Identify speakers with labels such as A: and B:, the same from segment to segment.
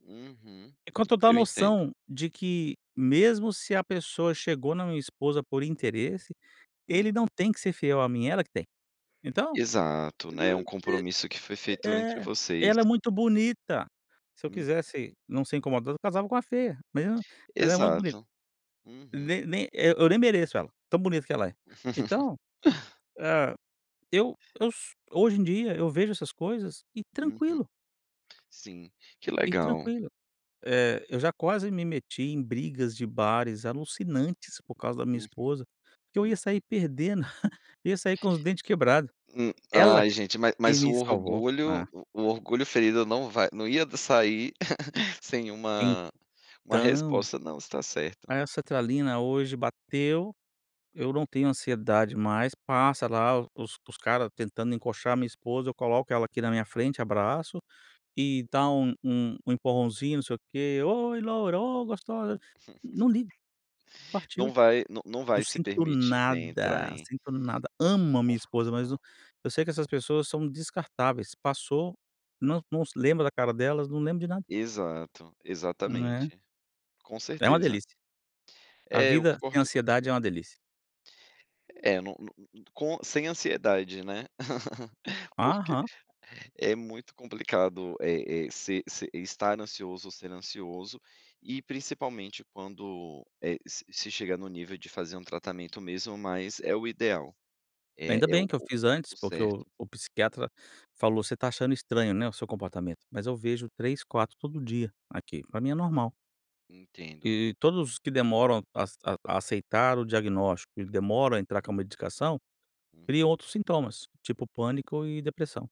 A: Uhum.
B: Enquanto da
A: Eu entendo.
B: noção de que mesmo se a pessoa chegou na minha esposa por interesse,
A: Hum.
B: ele não tem que ser fiel a mim, ela que tem. Então,
A: Exato, né, é um compromisso que foi feito entre
B: é.
A: vocês.
B: Ela é muito bonita, se eu
A: Hum.
B: quisesse não ser incomodado, eu casava com uma feia, mas eu não ela é muito bonita.
A: Exato. Uhum.
B: Nem nem, eh, eu nem mereço ela, tão bonita que ela é. Então, hã, eu eu s hoje em dia, eu vejo essas coisas, e
A: Uhum.
B: tranquilo.
A: Sim, que
B: E
A: legal.
B: tranquilo. Eh, eu já quase me meti em brigas de bares alucinantes por causa da minha
A: Uhum,
B: esposa, porque eu ia sair
A: uhum.
B: perdendo. Eu ia sair com os dentes quebrado.
A: Hum,
B: Ela
A: ai gente, mas
B: que
A: mas o
B: me salvou.
A: orgulho
B: É.
A: o o orgulho ferido não vai não ia d sair sem uma uma
B: Então
A: resposta. Não, você está certo.
B: Aí a sertralina hoje bateu. Eu não tenho ansiedade mais. Passa lá o os os cara tentando encoxar a minha esposa, eu coloco ela aqui na minha frente, abraço, e dá um um um empurrãozinho, não sei o quê. "Oi loura. Oh, gostosa". Não ligo. Partiu.
A: Não vai não não
B: Não
A: vai se
B: sinto
A: permitir nem entrar
B: nada,
A: em
B: sinto nada. Amo a minha esposa, mas o
A: confusão.
B: eu sei que essas pessoas são descartáveis. Passou, não não se lembra da cara delas, não lembro de nada.
A: Exato,
B: Né.
A: exatamente. Com
B: É uma
A: certeza.
B: delícia. A
A: É, eu
B: vida sem
A: concordo contigo.
B: ansiedade é uma delícia.
A: É, não não não com sem ansiedade, né, porque
B: Aham.
A: é muito complicado, eh eh, se se estar ansioso ou ser ansioso, e principalmente quando, eh, s se chega no nível de fazer um tratamento mesmo, mas é o ideal. É
B: Ainda
A: é
B: bem
A: o
B: que eu fiz antes,
A: o
B: porque o
A: certo.
B: o psiquiatra falou: "Você está achando estranho, né, o seu comportamento", mas eu vejo 3, 4 todo dia aqui, para mim é normal.
A: Entendo.
B: E todos os que demoram as a a aceitar o diagnóstico e demoram a entrar com a medicação,
A: Uhum.
B: criam outros sintomas, tipo pânico e depressão.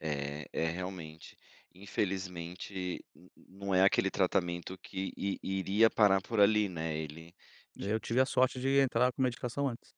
A: É, é realmente, infelizmente n não é aquele tratamento que i iria parar por ali, né, ele de
B: Eu tive
A: de
B: a sorte de entrar com medicação antes.